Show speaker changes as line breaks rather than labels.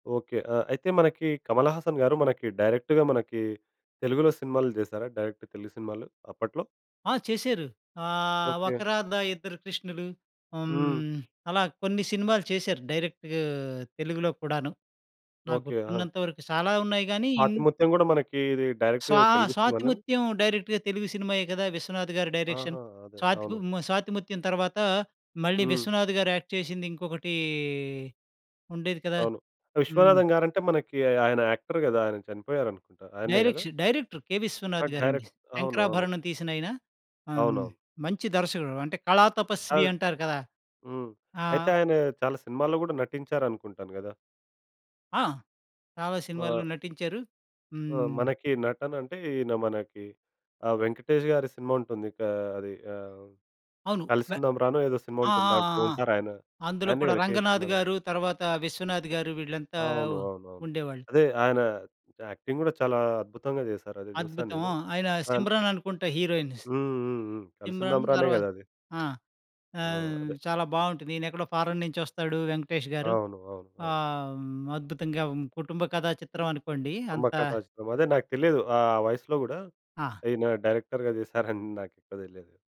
Okay. ఆహ్, అయితే మనకి 'కమలహాసన్' గారు మనకి డైరెక్ట్‌గా మనకి తెలుగులో సినిమాలు చేశారా, డైరెక్ట్ తెలుగు సినిమాలు అప్పట్లో?
ఆ! చేశారు. ఆహ్, 'ఒక
ఓకే.
రాధ ఇద్దరు కృష్ణులు.'
హ్మ్.
హ్మ్, అలా కొన్ని సినిమాలు చేశారు డైరెక్ట్ తెలుగులో కూడాను, నాకు
ఓకే. ఆహా!
గుర్తున్నంత వరకు. చాలా ఉన్నాయి గానీ ఇంత్
'స్వాతిముత్యం' గూడా మనకీ ఇది డైరెక్ట్‌గా
స్వాహ
తెలుగు సినిమానేనా?
'స్వాతిముత్యం' డైరెక్ట్‌గా తెలుగు సినిమాయే కదా 'విశ్వనాథ్' గారి డైరెక్షన్.
ఆహా! అదే.
స్వాతి
అవును.
మ్ 'స్వాతిముత్యం' తరువాత మళ్ళీ
హ్మ్.
'విశ్వనాథ్' గారు యాక్ట్ చేసింది ఇంకొకటీ ఉండేది కదా?
అవును.
హ్మ్.
'విశ్వనాథం' గారంటే మనకీ ఆ ఆయన యాక్టర్ గదా! ఆయన చనిపోయారనుకుంటా. ఆయనే గదా?
Direction director, 'K.
ఆ!
విశ్వనాథ్' గారండీ.
డైరెక్ట్ అవును. అవును.
'శంకరాభరణం' తీసినాయిన. ఆహ్, హ్మ్,
అవునవును.
మంచి దర్శకుడు. అంటే,
ఆ!
కళాతపస్వి అంటారు కదా!
హ్మ్.
ఆ!
అయితే, ఆయనా చాలా సినిమాల్లో గూడా నటించారనుకుంటాను గదా?
ఆ! చాలా
మా
సినిమాల్లో నటించారు.
ఆ!
హ్మ్.
మనకి నటనంటే, ఈయన మనకి ఆహ్, 'వెంకటేష్' గారి సినిమా ఉంటుంది. కా అది ఆహ్,
అవును. వె
'కలిసుదాం రా'నో, ఏదో సినిమా
ఆ!
ఉంటుంది,
ఆ! ఆ!
దాంట్లో
ఆ!
ఉంటారాయన.
అందులో
ఆయన్నే
కూడా
కదా 'కె.
'రంగనాథ్'
విశ్వనాథం?'
గారు ,తర్వాత 'విశ్వనాథ్' గారు వీళ్ళంతా
అవును.
ఉ
అవునవును.
ఉండేవాళ్ళు.
అదే ఆయనా యాక్టింగ్ గూడా చాలా అద్భుతంగా చేశారు. అది చూశాను నేను.
అద్భుతము. ఆయనా,
ఆ!
'సిమ్రన్' అనుకుంట హీరోయిన్.
హుహుహు. కలిసుందాం
'సిమ్రన్'
రానే
తర్వాత
గదది?
ఆ!
ఆ!
ఆహ్,
అదే.
చాలా బావుంటది. ఈనెక్కడో ఫారెన్ నుంచొస్తాడు 'వెంకటేష్' గారు.
అవును. అవును. అవును.
ఆహ్, హ్మ్, అద్భుతంగా హ్మ్, కుటుంబ కథా చిత్రం అనుకోండి.
అంబ
అంత
కథా చిత్రం. అదే నాకు తెలియదు. ఆ వయసులో గూడా
ఆ!
ఈయన డైరెక్టర్‌గా చేశారని నాకు కూడా తెలియదు.